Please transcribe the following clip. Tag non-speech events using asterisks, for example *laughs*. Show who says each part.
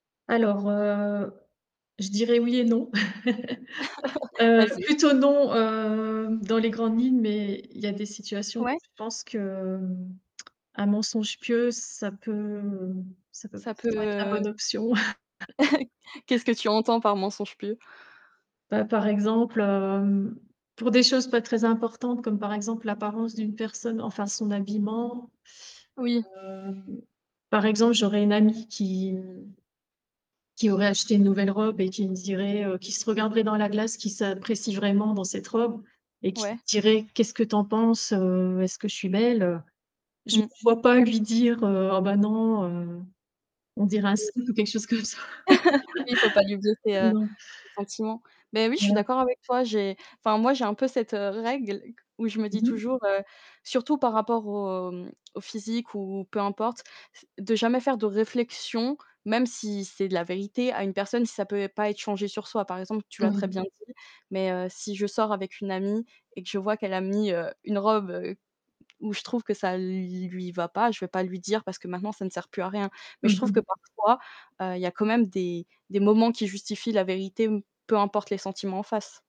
Speaker 1: Alors, heu, je dirais: «Oui et non». *chuckles*
Speaker 2: *chuckles*
Speaker 1: Heu,
Speaker 2: Vas-y
Speaker 1: plutôt
Speaker 2: écoutes.
Speaker 1: non, hem, dans les grandes lignes, mais il y a des situations où
Speaker 2: Ouais.
Speaker 1: je pense que, mmh, un mensonge pieux, ça peut, heu, ça peut p
Speaker 2: Ça
Speaker 1: ça
Speaker 2: peut
Speaker 1: pourrait être la bonne
Speaker 2: heu
Speaker 1: option. *laughs*
Speaker 2: *chuckles* Qu'est-ce que tu entends par mensonge pieux?
Speaker 1: Bah, par exemple, hem, pour des choses pas très importantes comme, par exemple, l'apparence d'une personne, enfin son habillement.
Speaker 2: Oui.
Speaker 1: Hem, par exemple, j'aurais une amie qui, mmh qui aurait acheté une nouvelle robe et qui me dirait, heu, qui se regarderait dans la glace, qui s'apprécie vraiment dans cette robe et qui
Speaker 2: Ouais.
Speaker 1: dirait: «Qu'est-ce que tu en penses? Heu, est-ce que je suis belle, heu?» Je me
Speaker 2: Mmh.
Speaker 1: vois pas lui dire, heu: «Oh bah non, heu, on dirait un
Speaker 2: Oui.
Speaker 1: sumo,» ou quelque chose comme ça.
Speaker 2: *laughs* Oui, il faut pas lui blesser,
Speaker 1: *chuckles*
Speaker 2: heu,
Speaker 1: Non.
Speaker 2: ses sentiments. Beh oui, je suis
Speaker 1: Voilà.
Speaker 2: d'accord avec toi. J'ai enfin moi j'ai un peu cette, heu, règle qu où je me dis
Speaker 1: Mmh mh.
Speaker 2: toujours, heu surtout par rapport au mmh, au physique ou peu importe, c de jamais faire de réflexion, même si c'est de la vérité, à une personne si, ça peut et pas être changé sur soi. Par exemple, tu l'as très
Speaker 1: Oui.
Speaker 2: bien dit, mais heu, si je sors avec une amie et que je vois qu'elle a mis, heu, une robe, heu, où je trouve que ça l lui va pas, je vais pas lui dire parce que maintenant ça ne sert plus à rien, mais je
Speaker 1: Mmh
Speaker 2: trouve que
Speaker 1: mh.
Speaker 2: parfois, heu, il y a quand même des des moments qui justifient la vérité, m peu importe les sentiments en face.